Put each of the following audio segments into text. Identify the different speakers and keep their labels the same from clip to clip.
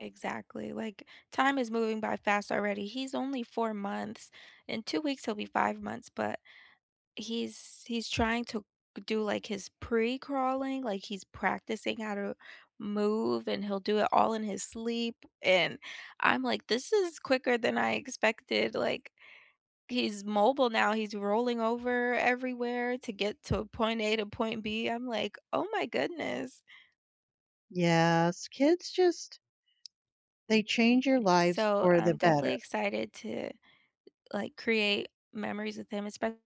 Speaker 1: Exactly, like time is moving by fast already, he's only 4 months. In 2 weeks, he'll be 5 months, but he's he's trying to do like his pre-crawling, like he's practicing how to move, and he'll do it all in his sleep, and I'm like, this is quicker than I expected, like he's mobile now. He's rolling over everywhere to get to point A to point B. I'm like, oh my goodness.
Speaker 2: Yes, kids just they change your lives
Speaker 1: So
Speaker 2: for the
Speaker 1: I'm definitely
Speaker 2: better.
Speaker 1: excited to like create memories with him, espe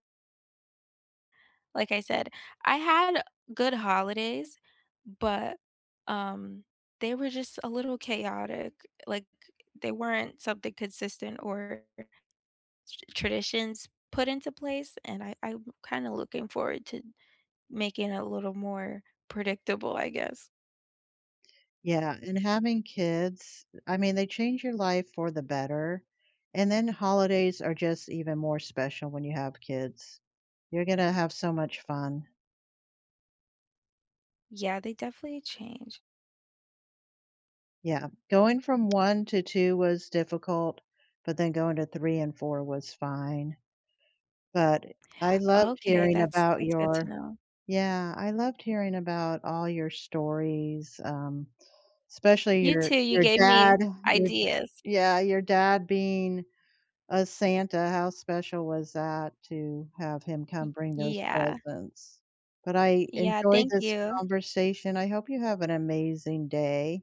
Speaker 1: Like I said, I had good holidays, but, um, they were just a little chaotic. Like they weren't something consistent or r s traditions put into place, and I I'm kinda looking forward to making it a little more predictable, I guess.
Speaker 2: Yeah, and having kids, I mean, they change your life for the better, and then holidays are just even more special when you have kids. You're gonna have so much fun.
Speaker 1: Yeah, they definitely change.
Speaker 2: Yeah, going from 1 to 2 was difficult, but then going to 3 and 4 was fine. But I loved
Speaker 1: Okay,
Speaker 2: hearing
Speaker 1: that's
Speaker 2: about
Speaker 1: that's good to
Speaker 2: your,
Speaker 1: know.
Speaker 2: yeah, I loved hearing about all your stories, um, especially
Speaker 1: You
Speaker 2: your
Speaker 1: too. You
Speaker 2: your
Speaker 1: gave me
Speaker 2: dad, your
Speaker 1: ideas.
Speaker 2: yeah, your dad being a Santa, how special was that to have him come
Speaker 1: Y
Speaker 2: bring those
Speaker 1: yeah.
Speaker 2: presents. But I
Speaker 1: Yeah,
Speaker 2: enjoyed
Speaker 1: thank
Speaker 2: this
Speaker 1: you.
Speaker 2: conversation. I hope you have an amazing day.